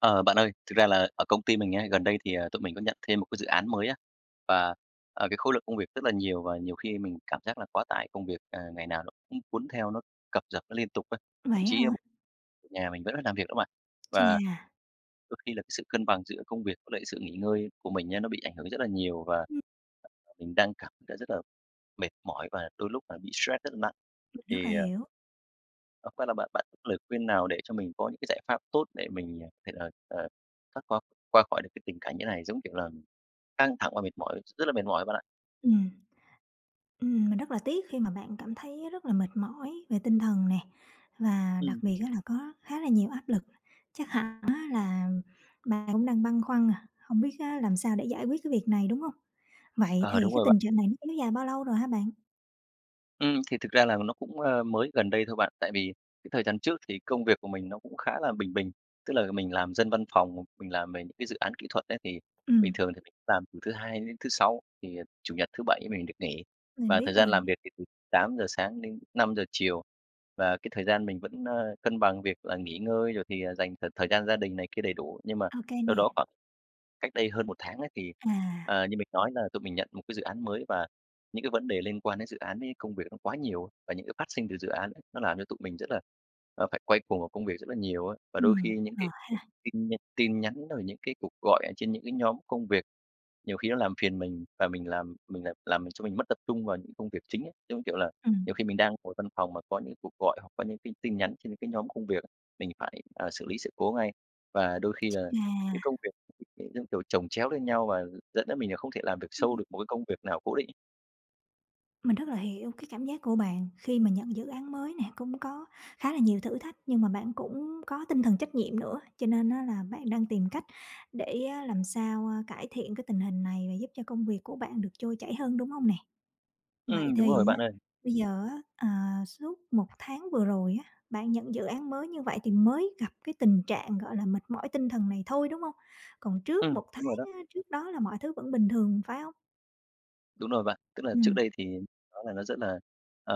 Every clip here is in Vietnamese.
Ờ, bạn ơi, thực ra là ở công ty mình á, gần đây thì, à, tụi mình có nhận thêm một cái dự án mới á. Và, à, cái khối lượng công việc rất là nhiều và nhiều khi mình cảm giác là quá tải công việc, à, ngày nào nó cũng cuốn theo nó cập rập nó liên tục á, thậm Vậy á chí, a, m hả? về nhà mình vẫn phải làm việc đó bạn. Và Chà. đôi khi là cái sự cân bằng giữa công việc với lại sự nghỉ ngơi của mình á nó bị ảnh hưởng rất là nhiều, và Ừm. [unintelligible] mình đang cảm thấy rất là mệt mỏi và đôi lúc là bị stress rất là nặng. Mình rất là Thì à hiểu. Ờ, qua là bạn bạn [unintelligible] lời khuyên nào để cho mình có những cái giải pháp tốt để mình thể, ờ, ờ, thoát qua qua khỏi được cái tình cảnh như này? Giống kiểu là, căng thẳng và mệt mỏi, rất là mệt mỏi bạn ạ. Ừm. Ừm, mình rất là tiếc khi mà bạn cảm thấy rất là mệt mỏi về tinh thần nè, và đặc Ừm. biệt á là có khá là nhiều áp lực. Chắc hẳn á là bạn cũng đang băn khoăn, à, không biết á làm sao để giải quyết cái việc này, đúng hông? Vậy Ờ, thì đúng cái rồi bạn. tình trạng này nó kéo dài bao lâu rồi hả bạn? Ừm, thì thực ra là nó cũng, ờ, mới gần đây thôi bạn, tại vì cái thời gian trước thì công việc của mình nó cũng khá là bình bình, tức là mình làm dân văn phòng, mình làm về những cái dự án kỹ thuật ấy thì bình Ừm. thường thì mình làm từ thứ Hai đến thứ Sáu, thì, à, Chủ nhật, thứ Bảy mình được nghỉ. Mình Và thời biết gian rồi. làm việc thì từ 8:00 sáng đến 5:00 chiều, và cái thời gian mình vẫn, ơ, cân bằng việc là nghỉ ngơi rồi thì, à, dành thời thời gian gia đình này kia đầy đủ. Nhưng mà Ô kê đâu đó nè. khoảng cách đây hơn 1 tháng á thì, À. ờ, như mình nói là tụi mình nhận một cái dự án mới và những cái vấn đề liên quan đến dự án ấy công việc nó quá nhiều, và những cái phát sinh từ dự án [unintelligible] nó làm cho tụi mình rất là, ờ, phải quay cuồng vào công việc rất là nhiều á. Và đôi Ừm, khi những cái ờ ha. tin nh tin nhắn rồi những cái cuộc gọi ở trên những cái nhóm công việc nhiều khi nó làm phiền mình, và mình làm mình làm làm mình cho mình mất tập trung vào những công việc chính ấy. Giống như, kiểu là, Ừm. nhiều khi mình đang ngồi văn phòng mà có những cuộc gọi hoặc có những cái tin nhắn trên những cái nhóm công việc á, mình phải, à, xử lý sự cố ngay. Và đôi khi Ch là cái à. công việc [unintelligible] giống kiểu, chồng chéo lên nhau và dẫn đến mình là không thể làm việc sâu Ừm. được một cái công việc nào cố định. Mình rất là hiểu cái cảm giác của bạn khi mà nhận dự án mới nè, cũng có khá là nhiều thử thách nhưng mà bạn cũng có tinh thần trách nhiệm nữa. Cho nên á là bạn đang tìm cách để á làm sao, ơ, cải thiện cái tình hình này và giúp cho công việc của bạn được trôi chảy hơn, đúng hông nè? Vậy Ừm, đúng thì rồi á, bạn ơi. bây giờ á, à, suốt 1 tháng vừa rồi á, bạn nhận dự án mới như vậy thì mới gặp cái tình trạng, gọi là, mệt mỏi tinh thần này thôi, đúng hông? Còn trước Ừm, 1 đúng rồi đó. tháng á, trước đó là mọi thứ vẫn bình thường phải hông? Đúng rồi bạn. Tức là trước Ừm. đây thì nó là nó rất là, ờ,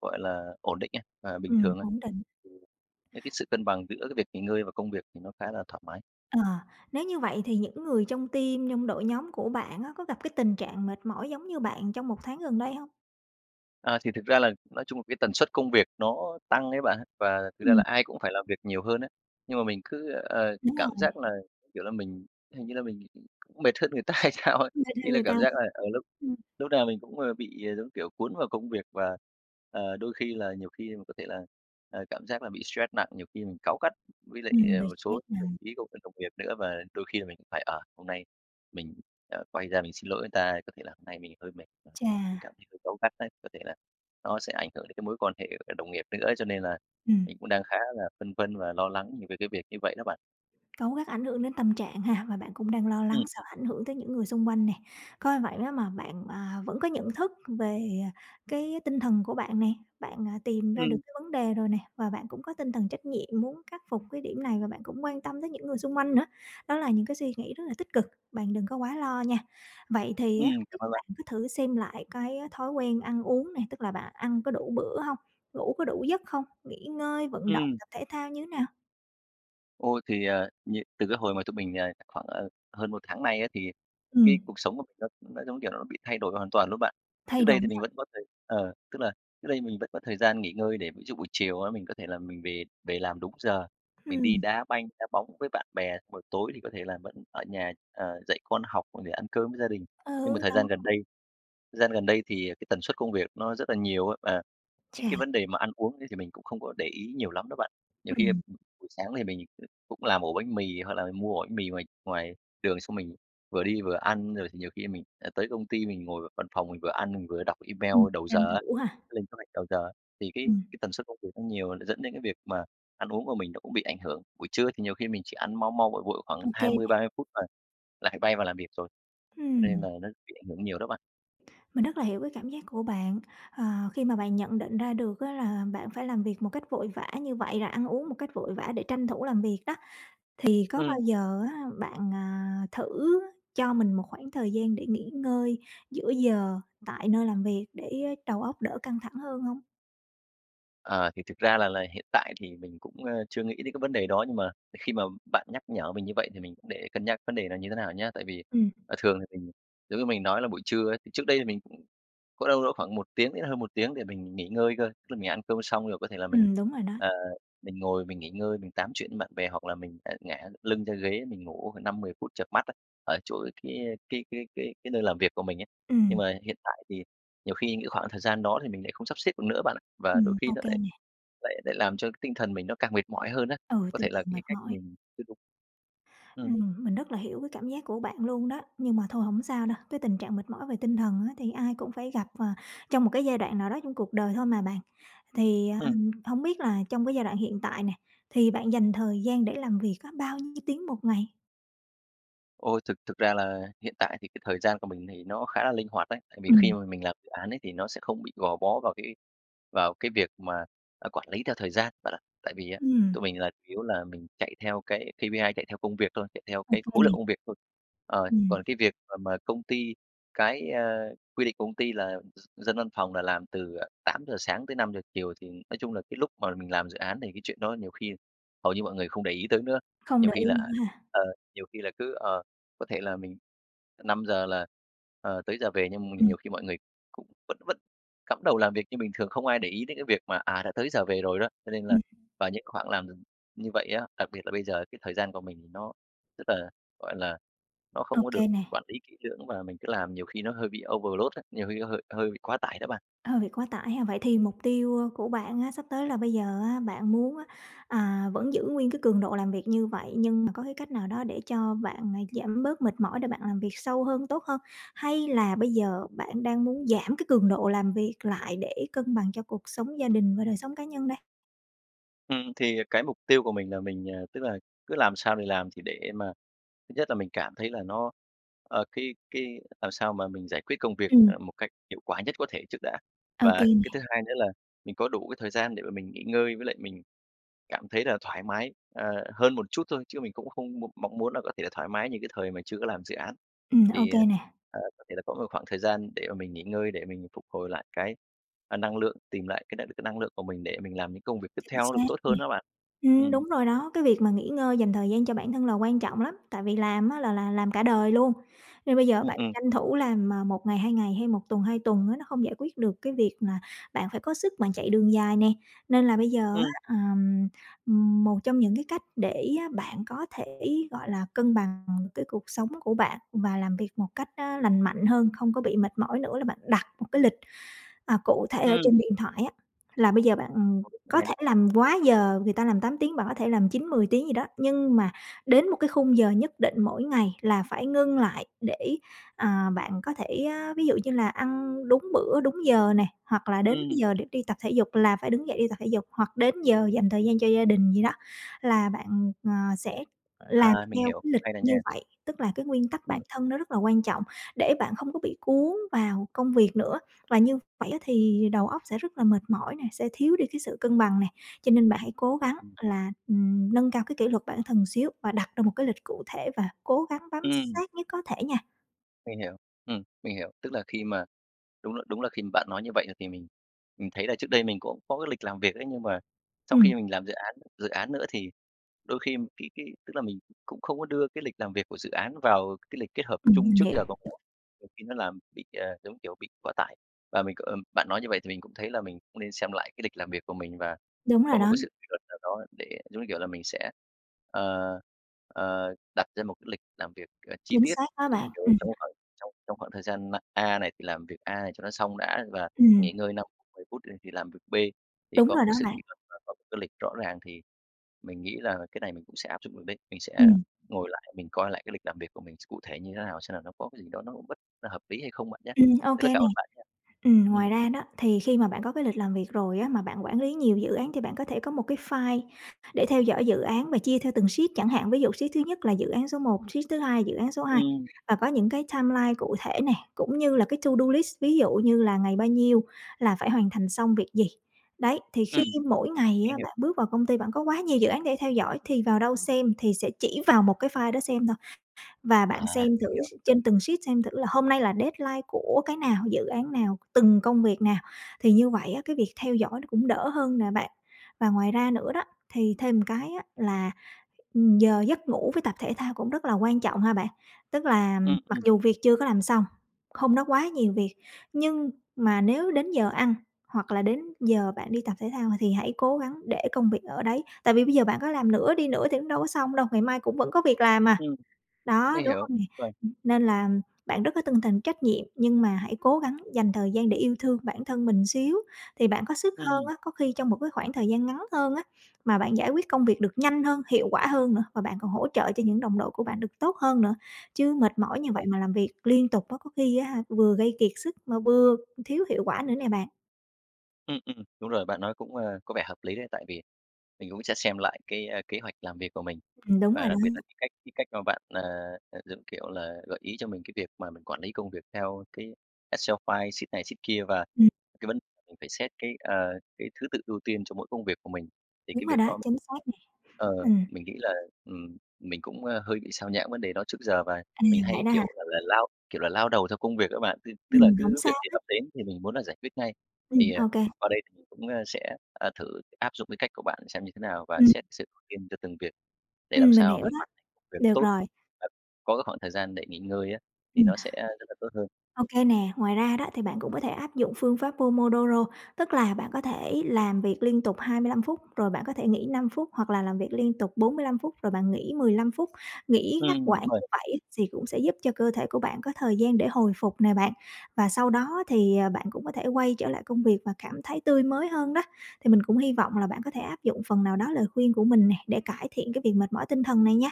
gọi là, ổn định ấy, và bình Ừm, thường á. ổn định. Cái cái sự cân bằng giữa cái việc nghỉ ngơi và công việc thì nó khá là thoải mái. Ờ, nếu như vậy thì những người trong team, trong đội nhóm của bạn á, có gặp cái tình trạng mệt mỏi giống như bạn trong 1 tháng gần đây hông? À, thì thực ra là nói chung là cái tần suất công việc nó tăng ấy bạn, và thực ra Ừm. là ai cũng phải làm việc nhiều hơn á. Nhưng mà mình cứ, ờ, Đúng cảm rồi. giác là, kiểu là, mình hình như là mình cũng mệt hơn người ta hay sao ấy? Mệt Ý hơn là người ta cảm hả? giác là, ờ, lúc Ừm. lúc nào mình cũng, ờ, bị giống kiểu cuốn vào công việc, và, ờ, đôi khi là nhiều khi mà có thể là, ờ, cảm giác là bị stress nặng, nhiều khi mình cáu gắt với lại, Ừm, ờ, bị một số stress các đồng nặng. chí [unintelligible] đồng nghiệp nữa. Và đôi khi là mình cũng phải, ờ, hôm nay mình, ờ, quay ra mình xin lỗi người ta, có thể là hôm nay mình hơi mệt và Chà! cảm thấy hơi cáu gắt ấy. Có thể là nó sẽ ảnh hưởng đến cái mối quan hệ, ờ, đồng nghiệp nữa ấy, cho nên là Ừm. mình cũng đang khá là phân vân và lo lắng nh về cái việc như vậy đó bạn. Cáu gắt ảnh hưởng đến tâm trạng ha? Và bạn cũng đang lo lắng sợ Ừm. ảnh hưởng tới những người xung quanh nè. Coi vậy á mà bạn, à, vẫn có nhận thức về, à, cái tinh thần của bạn nè, bạn, à, tìm ra được Ừm. cái vấn đề rồi nè, và bạn cũng có tinh thần trách nhiệm muốn khắc phục cái điểm này, và bạn cũng quan tâm tới những người xung quanh nữa. Đó là những cái suy nghĩ rất là tích cực, bạn đừng có quá lo nha. Vậy thì Ừm, á, hông cảm biết ơn bạn. bạn có thử xem lại cái, a, thói quen ăn uống nè, tức là bạn ăn có đủ bữa hông? Ngủ có đủ giấc không? Nghỉ ngơi, vận động, Ừm. tập thể thao như thế nào? Ôi, thì, ờ, nh từ cái hồi mà tụi mình, ờ, khoảng, à, hơn 1 tháng nay á, thì cái Ừm. cuộc sống của mình nó nó, giống kiểu, nó bị thay đổi hoàn toàn luôn bạn. Trước Thay đây đổi thì mình à? vẫn có thời ờ, tức là trước đây mình vẫn có thời gian nghỉ ngơi, để ví dụ buổi chiều á, mình có thể là mình về về làm đúng giờ, mình đi Ừm. đá banh, đá bóng với bạn bè, xong rồi tối thì có thể là vẫn ở nhà, ờ, dạy con học và để ăn cơm với gia đình. Nhưng mà Ừ, thời đó. gian gần đây thời gian gần đây thì, à, cái tần suất công việc nó rất là nhiều á, và những cái Chà. vấn đề mà ăn uống ấy, thì mình cũng không có để ý nhiều lắm đó bạn. Nhiều khi, a, Ừm. ừm, buổi sáng thì mình, ừ, cũng làm ổ bánh mì, hoặc là mua ổ bánh mì ngoài ngoài đường, xong mình vừa đi vừa ăn. Rồi thì nhiều khi mình sẽ tới công ty, mình ngồi ở văn phòng mình vừa ăn mình vừa đọc email Ừm, đầu tranh giờ á, thủ ha? lên kế hoạch đầu giờ á. Thì cái Ừm. cái tần suất công việc nó nhiều, nó dẫn đến cái việc mà ăn uống của mình nó cũng bị ảnh hưởng, buổi trưa thì nhiều khi mình chỉ ăn mau mau, vội vội khoảng Ok hai mươi nè. ba mươi phút là lại bay vào làm việc rồi, cho nên Ừm. là nó bị ảnh hưởng nhiều đó bạn. Mình rất là hiểu cái cảm giác của bạn, ờ, khi mà bạn nhận định ra được á là bạn phải làm việc một cách vội vã như vậy, rồi ăn uống một cách vội vã để tranh thủ làm việc đó, thì có Ừm. bao giờ á bạn, à, thử cho mình 1 khoảng thời gian để nghỉ ngơi giữa giờ tại nơi làm việc để, ơ, đầu óc đỡ căng thẳng hơn hông? Ờ, thì thực ra là là hiện tại thì mình cũng, ơ, chưa nghĩ đến cái vấn đề đó, nhưng mà khi mà bạn nhắc nhở mình như vậy, thì mình cũng để cân nhắc vấn đề này như thế nào nhá. Tại vì, Ừm. ờ, thường thì mình giống như mình nói là buổi trưa ấy, thì trước đây thì mình cũng có đâu đó khoảng 1 tiếng đến hơn 1 tiếng để mình nghỉ ngơi cơ. Tức là mình ăn cơm xong rồi có thể là mình, Ừm, đúng rồi đó. ờ, mình ngồi mình nghỉ ngơi, mình tám chuyện với bạn bè hoặc là mình lại ngả được lưng ra ghế mình ngủ khoảng 5-10 phút chợp mắt á, ở chỗ cái, ơ, cái cái cái cái nơi làm việc của mình ấy. Nhưng Ừm. mà hiện tại thì nhiều khi những khoảng thời gian đó thì mình lại không sắp xếp được nữa bạn ạ. Và đôi Ừm, khi nó OK lại nè. lại lại làm cho tinh thần mình nó càng mệt mỏi hơn á, Ừ, có tinh thể là thần mệt cái cách mỏi. mình chưa đúng. Ừm. Ừm, mình rất là hiểu cái cảm giác của bạn luôn đó, nhưng mà thôi hổng sao đâu, cái tình trạng mệt mỏi về tinh thần á thì ai cũng phải gặp, ờ, trong 1 cái giai đoạn nào đó trong cuộc đời thôi mà bạn. Thì, à, Ừm. hổng biết là trong cái giai đoạn hiện tại nè, thì bạn dành thời gian để làm việc á bao nhiêu tiếng 1 ngày? Ôi, thực thực ra là hiện tại thì cái thời gian của mình thì nó khá là linh hoạt ấy. Tại vì khi Ừm. mà mình làm dự án ấy, thì nó sẽ không bị gò bó vào cái vào cái việc mà, à, quản lý theo thời gian bạn ạ. Tại vì á, Ừm. tụi mình là chủ yếu là mình chạy theo cái KPI, chạy theo công việc thôi, chạy theo Ô cái khối lượng kê. công việc thôi. Ờ, Ừm. còn cái việc mà mà công ty cái, ơ, quy định của công ty là d dân văn phòng là làm từ, à, 8:00-17:00, thì nói chung là cái lúc mà mình làm dự án thì cái chuyện đó nhiều khi hầu như mọi người không để ý tới nữa. Không Nhiều để khi ý là, nữa à, ha? ờ, nhiều khi là cứ ờ, có thể là mình, ờ, 5:00 là, ờ, tới giờ về, nhưng m Ừm. nhiều khi mọi người cũng vẫn vẫn cắm đầu làm việc như bình thường, không ai để ý đến cái việc mà, à, đã tới giờ về rồi đó. Cho nên là Ừm. vào những khoảng làm [unintelligible] như vậy á, đặc biệt là bây giờ cái thời gian của mình thì nó rất là, gọi là, nó không có được OK nè! quản lý kỹ lưỡng, và mình cứ làm nhiều khi nó hơi bị overload á, nhiều khi nó hơi hơi bị quá tải đó bạn. Ờ, việc quá tải ha. Vậy thì mục tiêu, ơ, của bạn á, sắp tới là bây giờ á bạn muốn á, à, vẫn giữ nguyên cái cường độ làm việc như vậy, nhưng mà có cái cách nào đó để cho bạn, à, giảm bớt mệt mỏi để bạn làm việc sâu hơn, tốt hơn? Hay là bây giờ bạn đang muốn giảm cái cường độ làm việc lại để cân bằng cho cuộc sống gia đình và đời sống cá nhân đây? Ừm, thì, à, cái mục tiêu của mình là mình, à, tức là cứ làm sao thì làm, thì để mà thứ nhất là mình cảm thấy là nó ờ, cái cái làm sao mà mình giải quyết công việc, Ừm. à, một cách hiệu quả nhất có thể trước đã. Ô kê Và cái nè. thứ hai nữa là mình có đủ cái thời gian để mà mình nghỉ ngơi với lại mình cảm thấy là thoải mái, ờ, hơn một chút thôi, chứ mình cũng không mô mong muốn là có thể là thoải mái như cái thời mà chưa có làm dự án. Ừm, ô Thì, kê ờ, nè! ờ, có thể là có một khoảng thời gian để mà mình nghỉ ngơi để mình phục hồi lại cái, a, năng lượng, tìm lại cái n cái năng lượng của mình để mình làm những công việc tiếp Chính theo nó được xác tốt nè. hơn đó bạn. Ừm, Ừm. đúng rồi đó, cái việc mà nghỉ ngơi, dành thời gian cho bản thân là quan trọng lắm. Tại vì làm á là là làm cả đời luôn, nên bây giờ Ừm, bạn ừm. tranh thủ làm, à, 1 ngày, 2 ngày hay 1 tuần, 2 tuần á, nó không giải quyết được cái việc là bạn phải có sức bạn chạy đường dài nè. Nên là bây giờ Ừm. á, ờm, ừm, một trong những cái cách để bạn có thể, gọi là, cân bằng cái cuộc sống của bạn và làm việc một cách, á, lành mạnh hơn, không có bị mệt mỏi nữa là bạn đặt một cái lịch, à, cụ thể ở Ừm. trên điện thoại á. Là bây giờ bạn Ô, cũng có hay thể đấy! làm quá giờ, người ta làm 8 tiếng, bạn có thể làm 9-10 tiếng gì đó. Nhưng mà đến một cái khung giờ nhất định mỗi ngày là phải ngưng lại để, à, bạn có thể, á, ví dụ như là ăn đúng bữa, đúng giờ nè, hoặc là đến cái Ừm. giờ để đi tập thể dục là phải đứng dậy đi tập thể dục, hoặc đến giờ dành thời gian cho gia đình gì đó là bạn, ờ, sẽ làm À, mình theo hiểu cái cái lịch này rồi như nha. vậy. Tức là cái nguyên tắc bản Ừm. thân nó rất là quan trọng, để bạn không có bị cuốn vào công việc nữa, và như vậy á thì đầu óc sẽ rất là mệt mỏi nè, sẽ thiếu đi cái sự cân bằng nè. Cho nên bạn hãy cố gắng Ừm. là, ừm, nâng cao cái kỷ luật bản thân xíu và đặt ra một cái lịch cụ thể và cố gắng bám Ừm. sát nhất có thể nha. Mình hiểu, ừm, mình hiểu. Tức là khi mà, đúng là đúng là khi mà bạn nói như vậy, ờ, thì mình mình thấy là trước đây mình cũng có cái lịch làm việc ấy. Nhưng mà sau Ừm. khi mình làm dự án dự án nữa thì đôi khi m cái cái, tức là mình cũng không có đưa cái lịch làm việc của dự án vào cái lịch kết hợp Ừm, chung mình trước hiểu. giờ của mình, nhiều khi nó làm bị, à, giống như kiểu bị quá tải. Và mình có, ờm bạn nói như vậy thì mình cũng thấy là mình cũng nên xem lại cái lịch làm việc của mình và Đúng có rồi một đó. cái sự kỷ luật nào đó để giống như kiểu là mình sẽ, ờ, ờ, đặt ra một cái lịch làm việc, ờ, chi Chính tiết xác đó [unintelligible] bạn. trong Ừm. trong cái khoảng trong trong khoảng thời gian, ơ, A này thì làm việc A này cho nó xong đã và Ừm. nghỉ ngơi 5 phút, 10 phút, ừ, thì làm việc B. Thì Đúng có rồi một đó cái sự bạn. kỷ luật và có một cái lịch rõ ràng thì mình nghĩ là cái này mình cũng sẽ áp dụng được đấy. Mình sẽ Ừm. ngồi lại mình coi lại cái lịch làm việc của mình x cụ thể như thế nào, xem là nó có cái gì đó nó bất hợp lý hay không bạn nhá. Ừm, OK Rất là cảm nè. ơn bạn nha. Ừm, Ừm. ngoài ra đó thì khi mà bạn có cái lịch làm việc rồi á, mà bạn quản lý nhiều dự án thì bạn có thể có một cái file để theo dõi dự án và chia theo từng sheet chẳng hạn. Ví dụ sheet thứ nhất là dự án số 1, sheet thứ 2 dự án số 2 Ừm. và có những cái timeline cụ thể nè, cũng như là cái to do list. Ví dụ như là ngày bao nhiêu là phải hoàn thành xong việc gì. Đấy, thì khi Ừm, mỗi ngày mình á, hiểu. bạn bước vào công ty bạn có quá nhiều dự án để theo dõi thì vào đâu xem? Thì sẽ chỉ vào một cái file đó xem thôi. Và bạn À! xem thử Hiểu. s trên từng sheet xem thử là hôm nay là deadline của cái nào, dự án nào, từng công việc nào, thì như vậy á, cái việc theo dõi nó cũng đỡ hơn nè bạn. Và ngoài ra nữa đó thì thêm một cái á là, ừm, giờ giấc ngủ với tập thể thao cũng rất là quan trọng ha bạn. Tức là, ừm, Ừm, mặc ừm. dù việc chưa có làm xong, hôm đó quá nhiều việc, nhưng mà nếu đến giờ ăn hoặc là đến giờ bạn đi tập thể thao, ờ, thì hãy cố gắng để công việc ở đấy. Tại vì bây giờ bạn có làm nữa đi nữa thì cũng đâu có xong đâu, ngày mai cũng vẫn có việc làm mà, Ừm, đó, mình đúng hiểu, hông nè? ờ. Ừm, nên là bạn rất có tinh thần trách nhiệm, nhưng mà hãy cố gắng dành thời gian để yêu thương bản thân mình một xíu thì bạn có sức hơn Ừm. á. Có khi trong một cái khoảng thời gian ngắn hơn á mà bạn giải quyết công việc được nhanh hơn, hiệu quả hơn nữa và bạn còn hỗ trợ cho những đồng đội của bạn được tốt hơn nữa. Chứ mệt mỏi Chắc như vậy rồi. mà làm việc liên tục á, có khi á hả, vừa gây kiệt sức mà vừa thiếu hiệu quả nữa nè bạn. Ừm, ừm, đúng rồi, bạn nói cũng, à, có vẻ hợp lý đấy, tại vì mình cũng sẽ xem lại cái, a, kế hoạch làm việc của mình. Ừm, đúng Và rồi đặc biệt là đó. cái cách cái cách mà bạn, à, à, giống kiểu là, gợi ý cho mình cái việc mà mình quản lý công việc theo cái excel file sheet này sheet kia và Ừm. cái vấn mình phải xét cái, ờ, cái thứ tự ưu tiên cho mỗi công việc của mình. Thì Đúng cái rồi việc đó, đó chính xác nè, ờ, ừm. mình nghĩ là, ừm, mình cũng, a, hơi bị sao nhãng vấn đề đó trước giờ và À, mình vậy hay, đó hả? kiểu, gọi là lao, kiểu, là lao đầu theo công việc á bạn, tức tức là Ừm, hổng cứ việc sao gì hết. ập đến thì mình muốn là giải quyết ngay. Thì, Ừm, ờ, OK. qua đây thì mình cũng, a, sẽ, ờ, thử áp dụng cái cách của bạn xem như thế nào và Ừm. xét sự ưu tiên cho từng việc để làm Ừm, mình sao hiểu mình đó, hoàn thành công việc được tốt, rồi. và có cái khoảng thời gian để nghỉ ngơi á, thì Ừm. nó sẽ rất là tốt hơn. OK nè, ngoài ra đó, thì bạn cũng có thể áp dụng phương pháp Pomodoro, tức là bạn có thể làm việc liên tục 25 phút, rồi bạn có thể nghỉ 5 phút, hoặc là làm việc liên tục 45 phút rồi bạn nghỉ 15 phút. Nghỉ ngắt Ừm, quãng đúng rồi. như vậy ấy thì cũng sẽ giúp cho cơ thể của bạn có thời gian để hồi phục nè bạn, và sau đó thì, ờ, bạn cũng có thể quay trở lại công việc và cảm thấy tươi mới hơn đó. Thì mình cũng hy vọng là bạn có thể áp dụng phần nào đó lời khuyên của mình nè, để cải thiện cái việc mệt mỏi tinh thần này nha.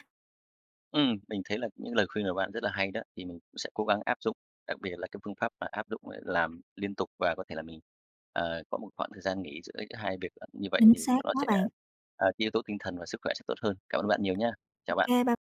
Ừm, mình thấy là [unintelligible] những lời khuyên của bạn rất là hay đó, thì mình cũng sẽ cố gắng áp dụng, đặc biệt là cái phương pháp mà áp dụng ấy làm liên tục và có thể là mình, ờ, có 1 khoảng thời gian nghỉ giữa ấy 2 việc, ờ, như vậy Chính thì xác có nó quá sẽ, bạn. à, cái yếu tố tinh thần và sức khỏe sẽ tốt hơn. Cảm ơn bạn nhiều nhá. Chào bạn. OK bye!